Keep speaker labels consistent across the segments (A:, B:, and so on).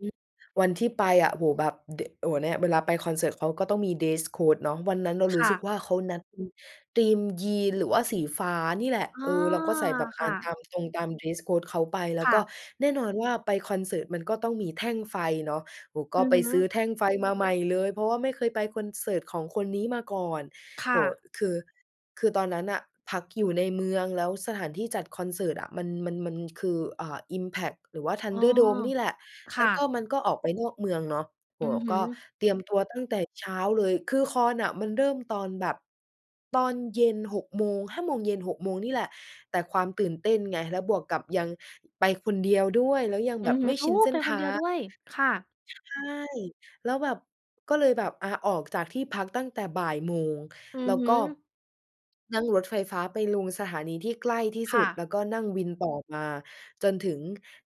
A: อ วันที่ไปอะ โอ้โฮ แบบ ด โอ้โฮ เนี่ยเวลาไปคอนเสิร์ต เขาก็ต้องมี dress code เนาะ วันนั้นเรา
B: ค
A: รู้
B: ่
A: สึก
B: ะ
A: ว่าเขานัด อ ธีม Jeans หรือว่าสีฟ้านี่แหละ
B: อ๋
A: เอ
B: อ
A: อ เราก็ใส่แบบอ
B: ค
A: ่า
B: ่ะ
A: นตามตรง ตาม dress code เขาไป แล้
B: ค
A: ว
B: ่
A: ก็
B: ะ
A: แน่นอนว่าไปคอนเสิร์ตมันก็ต้องมีแท่งไฟเนาะ โอ้ ก
B: อ
A: ็
B: ือ
A: ไป
B: ฮ
A: ซื้อ
B: ึ
A: แท่งไฟมาใหม่เลย เพราะว่าไม่เคยไปคอนเสิร์ตของคนนี้มาก่อน
B: ค
A: โ
B: ่
A: อ้โฮ
B: ะ
A: คือ คือตอนนั้นน่ะพักอยู่ในเมือง แล้วสถานที่จัดคอนเสิร์ตอะ มัน มัน มันคือ เอ่อ อิมแพ็คหรือว่าธั
B: อ
A: น
B: ๋อ
A: เดอร์โดมนี่แหละ
B: ค
A: แล
B: ่
A: ้วก็
B: ะ
A: มันก็ออกไปนอกเมืองเนาะ โอ
B: อื
A: ้โฮ
B: อฮ
A: ก
B: ึ
A: ็เตรียมตัวตั้งแต่เช้าเลย คือคอนน่ะมันเริ่มตอนแบบ ตอนเย็น 6 โมง 5 โมงเย็น 6 โมง นี่แหละ แต่ความตื่นเต้นไง แล้วบวกกับยังไปคนเดียวด้วย แล้วยัง
B: อื
A: แบบ
B: อฮ
A: ไ
B: ึ
A: ม่
B: โอ
A: ช
B: ้!
A: ินเส้
B: ไป
A: นท
B: คนเด
A: า
B: ียว
A: ง
B: ด้วย ค่ะ
A: ใช่ แล้วแบบ ก็เลยแบบ อา ออกจากที่พักตั้งแต่บ่ายโมง
B: อื
A: แล้
B: อ
A: ว
B: ฮ
A: ก
B: ึ
A: ็ นั่งรถไฟฟ้าไปลงสถานีที่ใกล้ที่ส
B: ค
A: ุ
B: ่ะ
A: ด แล้วก็นั่งวินต่อมาจนถึง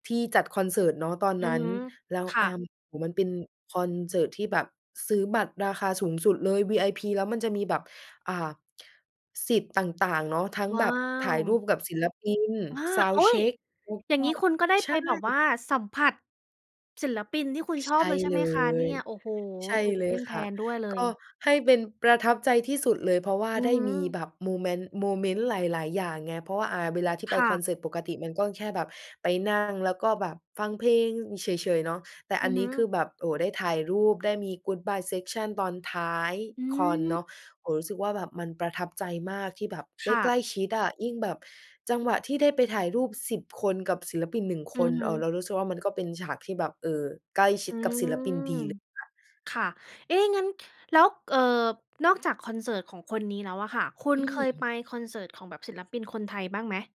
A: ที่จัดคอนเสิร์ตเนาะ ตอน
B: อื
A: นั
B: อ
A: ้น
B: ฮึ
A: แล้ว
B: ค่
A: อ
B: ะ
A: า โอ้โฮ มันเป็นคอนเสิร์ตที่แบบซื้อบัตรราคาสูงสุดเลย VIP แล้วมันจะมีแบบ อ่า สิทธิ์ต่าง ๆ เนาะ ทั้ง
B: ว
A: แบ
B: ้า
A: บถ่ายรู
B: ว!
A: ปกับศิลปิน
B: อา โอ
A: sound
B: ๊ย!
A: check แล้ว
B: อย่
A: ก
B: าง
A: ็
B: งี้คุณก็ได้
A: ใช
B: ไป
A: ่
B: แบบว่าสัมผัสศิลปินที่คุณ
A: ใ
B: ช
A: ช
B: อบ
A: ่
B: เลย ใช่
A: เ
B: ไห
A: ล
B: มคะเนี่
A: ย
B: ย? โอ้โฮ!
A: ใช่
B: ตื่น
A: เล
B: เต้
A: ย
B: นแท
A: ค่ะ
B: นด้วยเล
A: ก็
B: ย
A: ให้เป็นประทับใจที่สุดเลย เพราะว่า
B: อือ
A: ได้
B: ฮึ
A: มีแบบโมเมนต์ โมเมนต์หลาย ๆ อย่างไง เพราะว่า อา เวลาที่ไ
B: ค
A: ป
B: ่
A: คอ
B: ะ
A: นเสิร์ต ปกติมันก็แค่แบบไปนั่ง แล้วก็แบบฟังเพลงเฉย ๆ เนาะ แต่
B: อ
A: อั
B: ื
A: น
B: อ
A: น
B: ฮ
A: ี้
B: ึ
A: คือแบบ โอ้ ได้ถ่ายรูป ได้มี Goodbye Section ตอนท้าย
B: อื
A: คอนเน
B: ม
A: าะ โอ้โฮ รู้สึกว่าแบบมันประทับใจมากที่แบบไ
B: ค
A: ด้
B: ่
A: ใก
B: ะ
A: ล้ชิดอะ ยิ่งแบบจังหวะที่ได้ไปถ่ายรูป 10 คนกับศิลปิน 1
B: อ
A: ค
B: ื
A: น
B: อฮ
A: เออ
B: ึ
A: เรารู้สึกว่ามันก็เป็นฉากที่แบบ เอ่อ ใกล้ชิ
B: อื
A: ดกับศิลปิน
B: ม
A: ดีเลยค่ะ
B: ค่ะ เอ๊ะ งั้น ค แล้ว เอ่อ นอกจากคอนเสิร์ตของคนนี้แล้วอะค่ะ คุ
A: อ
B: ณ
A: ื
B: เคยไป
A: ม
B: คอนเสิร์ตของแบบศิลปินคนไทยบ้างไหม?